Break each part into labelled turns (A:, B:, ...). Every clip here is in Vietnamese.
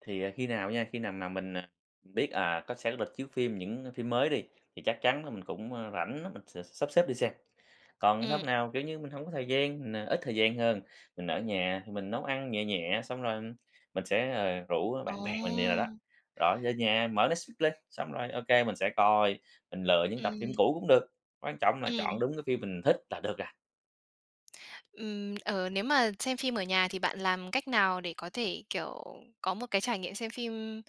A: Thì, ờ, khi nào nha, khi nào mà mình, ờ, biết, à, có sẽ có lịch chiếu phim những phim mới đi, thì chắc chắn là mình cũng, ơ, rảnh á, mình sẽ sắp xếp đi xem. Còn hôm
B: Ừm.
A: nào, kiểu như, mình hổng có thời gian, mình, à, ít thời gian hơn, mình ở nhà thì mình nấu ăn nhẹ nhẹ, xong rồi mình sẽ, ờ, rủ bạn bè mình vậy đồ đó.
B: Ờ.
A: Rồi về nhà mở Netflix lên, xong rồi OK, mình sẽ coi, mình lựa những tập phim
B: Ừm.
A: cũ cũng được, quan trọng là chọn
B: Ừm.
A: đúng cái phim mình thích là được à.
B: Ừm, ờ, nếu mà xem phim ở nhà thì bạn làm cách nào để có thể, kiểu, có một cái trải nghiệm xem phim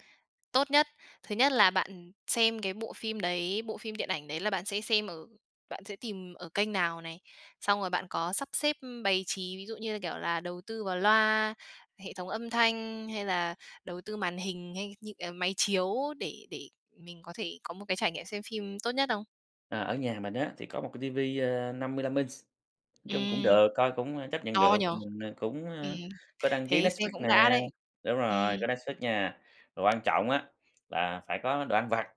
B: tốt nhất? Thứ nhất là bạn, ừm, xem cái bộ phim đấy, bộ phim điện ảnh đấy là bạn sẽ xem ở bạn sẽ tìm ở kênh nào này? Xong rồi bạn có sắp xếp, ưm, bày trí, ví dụ như là, kiểu là, đầu tư vào loa, hệ thống âm thanh hay là đầu tư màn hình hay như, ờ, máy chiếu để để mình có thể có một cái trải nghiệm xem phim tốt nhất không?
A: Ờ, ở nhà mình á, thì có một cái TV, ờ, 55 inch. Nói chung cũng
B: Ừm.
A: được, coi cũng, ơ, chấp nhận
B: To
A: được,
B: nhỉ?
A: ờ, mình, ờ, cũng,
B: Ừm,
A: ơ, có đăng ký
B: thế
A: Netflix
B: xem cũng đã
A: nè
B: đấy.
A: đúng
B: Ừm.
A: rồi, có Netflix nha. Mà quan trọng á, là phải có đồ ăn vặt,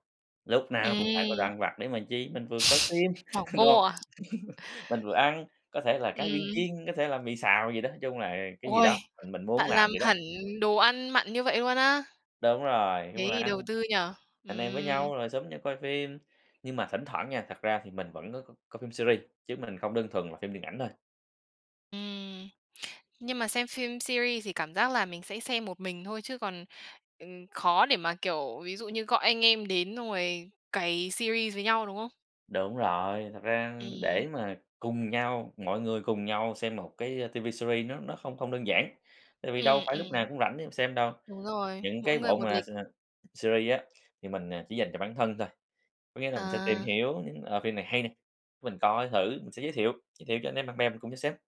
A: lúc nào cũng phải có đồ
B: Ừm.
A: ăn vặt để mà chi? Mình vừa coi phim,
B: Bỏng
A: đúng
B: ngô
A: hông?
B: à?
A: Mình vừa ăn, có thể là cá viên
B: Ừm.
A: chiên, có thể là mì xào gì đó, nói chung là cái gì
B: Ôi,
A: đó, mình mình muốn
B: bạn
A: làm
B: làm
A: vậy đó.
B: hẳn đồ ăn mặn như vậy luôn á.
A: Đúng rồi, chung
B: Thế
A: là
B: thì
A: ăn,
B: đầu tư nhỉ,
A: anh em với
B: ừm.
A: nhau rồi xúm nhau coi phim. Nhưng mà thỉnh thoảng nha, thật ra thì mình vẫn có c coi phim series, chứ mình không đơn thuần là phim điện ảnh thôi.
B: Ừm, nhưng mà xem phim series thì cảm giác là mình sẽ xem một mình thôi, chứ còn, ừm, khó để mà, kiểu, ví dụ như gọi anh em đến xong rồi cày series với nhau, đúng không?
A: Đúng rồi. Thật ra, ưm,
B: Ừm.
A: để mà cùng nhau mọi người cùng nhau xem một cái, ơ, TV series nó nó không không đơn giản, tại vì đâu
B: Ừm,
A: phải lúc
B: ừm.
A: nào cũng rảnh để mà xem đâu.
B: Đúng rồi,
A: Những
B: mỗi
A: cái
B: người
A: bộ
B: một
A: mà
B: lịch.
A: s series á, thì mình, ờ, chỉ dành cho bản thân thôi, có nghĩa là mình sẽ tìm
B: À.
A: hiểu những, ờ, phim này hay nè, cái mình coi thử, mình sẽ giới thiệu, giới thiệu cho anh em, bạn bè mình cùng nhau xem.